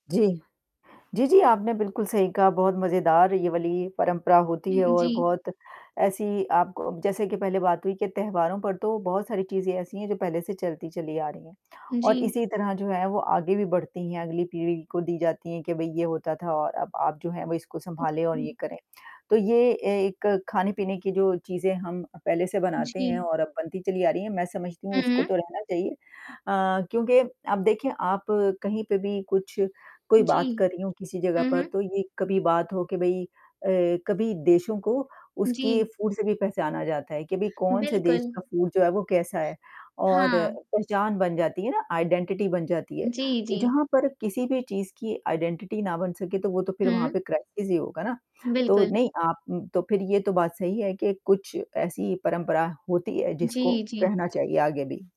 जी, जी, जी आपने बिल्कुल सही कहा बहुत मज़ेदार ये वाली परंपरा होती है हुँ, और जी। बहुत ऐसी आप क जैसे कि पहले बात हुई के त्योहारों पर तो बहुत सारी चीज़ें ऐसी हैं, जो पहले से चलती चली आ रही हैं और जी। इसी तरह जो है वो आगे भी बढ़ती हैं अगली पीढ़ी को दी जाती है कि भई ये होता था और अब आप जो है इसको उ, संभालें और ये हुँ। करें, तो ये एक खाने-पीने की जो चीज़ें हम पहले से बनाते हैं जी। और अब बनती चली आ रही है, मैं समझती हूँ उसको हुँ। तो रहना चाहिए। अ, क्योंकि आप देखिए आप कहीं पे भी कुछ कोई जी। बात कर रही हो किसी जगह हुँ, पर हुँ। तो ये कभी बात हो कि भई अ, कभी देशों को उसकी जी। फूड से भी पहचाना जाता है कि भाई कौन से देश बिल्कुल। का फूड जो है वो कैसा है और हाँ। पहचान बन जाती है ना आइडेंटिटी बन जाती है। जी, तो जी। जहाँ पर किसी भी चीज़ की आइडेंटिटी ना बन सके, तो वो तो फिर वहाँ पे हुँ। क्राइसिस ही होगा ना। तो बिल्कुल। नहीं आप तो फिर ये तो बात सही है कि कुछ ऐसी परंपरा होती है, जिसको जी, जी। कहना चाहिए आगे भी।